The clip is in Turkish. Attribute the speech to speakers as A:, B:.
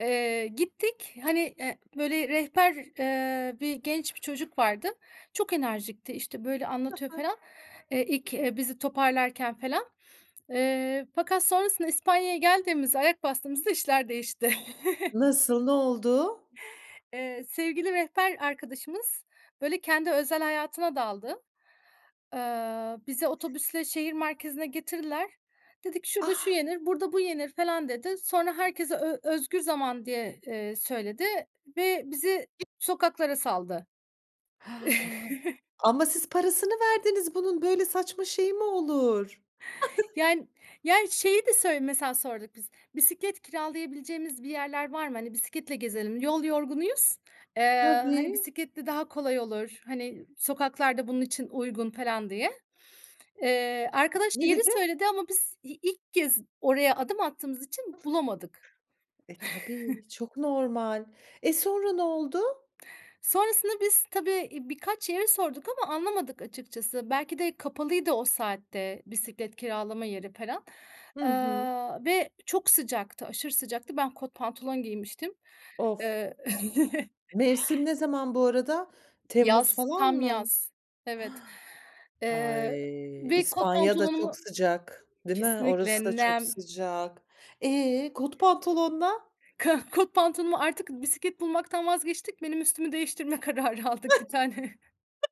A: Eee, gittik, hani, eee, böyle, rehber, eee, bir genç bir çocuk vardı. Çok enerjikti. İşte, böyle,
B: Hı
A: anlatıyor
B: hı.
A: felan, eee, ilk, eee, bizi toparlarken felan. Eee, fakat sonrasında İspanya'ya geldiğimizde, ayak bastığımızda işler değişti.
B: Nasıl? Ne oldu?
A: Eee, sevgili rehber arkadaşımız, böyle, kendi özel hayatına daldı. Eee, bizi otobüsle şehir merkezine getirdiler. Dedi ki:
B: A!
A: "Şurada şu yenir, burada bu yenir." felan dedi. Sonra, herkese ö özgür zaman, diye, eee, söyledi ve bizi
B: [unintelligible]
A: sokaklara saldı.
B: Ama siz parasını verdiniz bunun. Böyle saçma şey mi olur?
A: Yani yani şeyi de söyle mesela, sorduk biz. Bisiklet kiralayabileceğimiz bir yerler var mı? Hani, bisikletle gezelim. Yol yorgunuyuz, eee, hani,
B: Tabii.
A: bisikletle daha kolay olur. Hani, sokaklar da bunun için uygun felan diye. Eee, arkadaş
B: Ne
A: yeri
B: dedi?
A: söyledi ama biz i ilk kez oraya adım attığımız için bulamadık.
B: E, tabii, çok normal. E, sonra ne oldu?
A: Sonrasında biz tabii, eee, birkaç yere sorduk ama anlamadık açıkçası. Belki de kapalıydı o saatte bisiklet kiralama yeri felan.
B: Hı hı.
A: Eee, ve çok sıcaktı, aşırı sıcaktı. Ben kot pantolon giymiştim.
B: Of!
A: Eee
B: Mevsim ne zaman bu arada? Temmuz
A: Yaz,
B: falan
A: tam
B: mı?
A: yaz. Evet. Eee,
B: Ay!
A: ve kot
B: İspanya da çok
A: pantolonumu
B: sıcak, değil mi?
A: Kesinlikle,
B: Orası da çok
A: nem.
B: sıcak. Eee, kot pantolonla
A: Ka kot pantolonumu artık bisiklet bulmaktan vazgeçtik. Benim üstümü değiştirme kararı aldık. 1 tane